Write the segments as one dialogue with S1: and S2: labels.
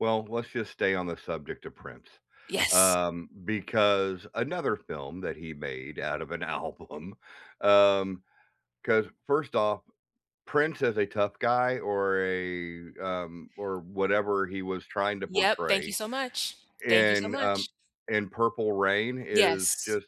S1: Well, let's just stay on the subject of Prince,
S2: Yes.
S1: um, because another film that he made out of an album Um, 'cause first off, Prince as a tough guy or a, um, or whatever he was trying to
S2: Yep. Thank you
S1: portray
S2: so much. Thank you so
S1: in, um
S2: much.
S1: in Purple Rain is
S2: Yes.
S1: just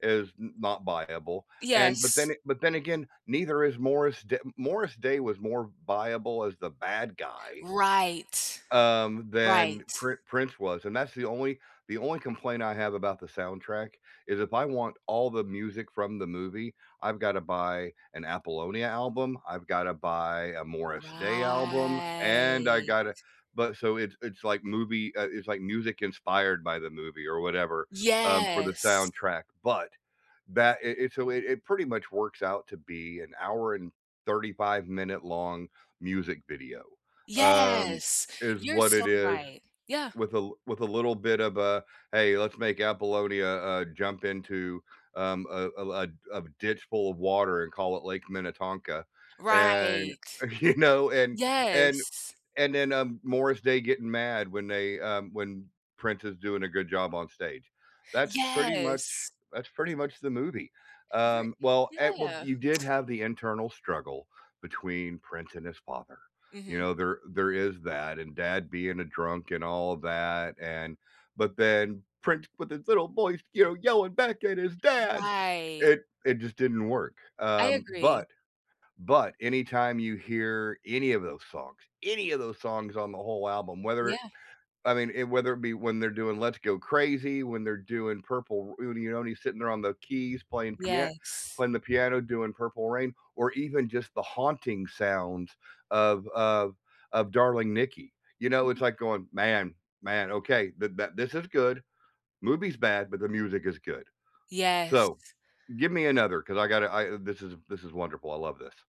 S1: is n not viable, and but then
S2: Yes.
S1: but then again, neither is Morris D Morris Day was more v viable as the bad guy
S2: Right.
S1: um, than
S2: Right.
S1: Pr Prince was, and that's the only the only complaint I have about the soundtrack is if I want all the music from the movie, I've gotta buy an Apollonia album. I've gotta buy a Morris Day album, and I
S2: Right.
S1: gotta but so it's it's like movie uh, it's like music inspired by the movie or whatever, um, for the
S2: Yes.
S1: soundtrack, but that it it's a way it pretty much works out to be an hour and thirty-five-minute-long music video. Um,
S2: Yes!
S1: is
S2: You're
S1: what
S2: so
S1: it is
S2: right. Yeah.
S1: with a with a little bit of a, "Hey. Let's make Apollonia, uh, jump into, um, a a l a ditch full of water and call it Lake Minnetonka," and,
S2: Right.
S1: you know, and and
S2: Yes.
S1: and then, um, Morris Day getting mad when they, um, when Prince is doing a good job on stage. That's pretty much
S2: Yes!
S1: that's pretty much the movie.
S2: Ri
S1: Um, well at well,
S2: yeah.
S1: you did have the internal struggle between Prince and his father, you
S2: Mhm.
S1: know? There there is that and dad being a drunk and all of that, and but then Prince with his little voice, you know, yelling back at his dad.
S2: Right.
S1: It it just didn't work.
S2: I
S1: Um,
S2: agree.
S1: but but anytime you hear any of those songs any of those songs on the whole album, whether it
S2: Yeah.
S1: I mean it whether it be when they're doing Let's Go Crazy, when they're doing Purple R you know, when he's sitting there on the keys playing pia
S2: Yes.
S1: playing the piano, doing Purple Rain, or even just the haunting sounds of of of Darling Nikki, you know? It's
S2: Yeah.
S1: like going, "Man man, okay. Th that this is good. Movie's bad, but the music is good." So
S2: Yes.
S1: give me another, 'cause I gotta I this is this is wonderful. I love this.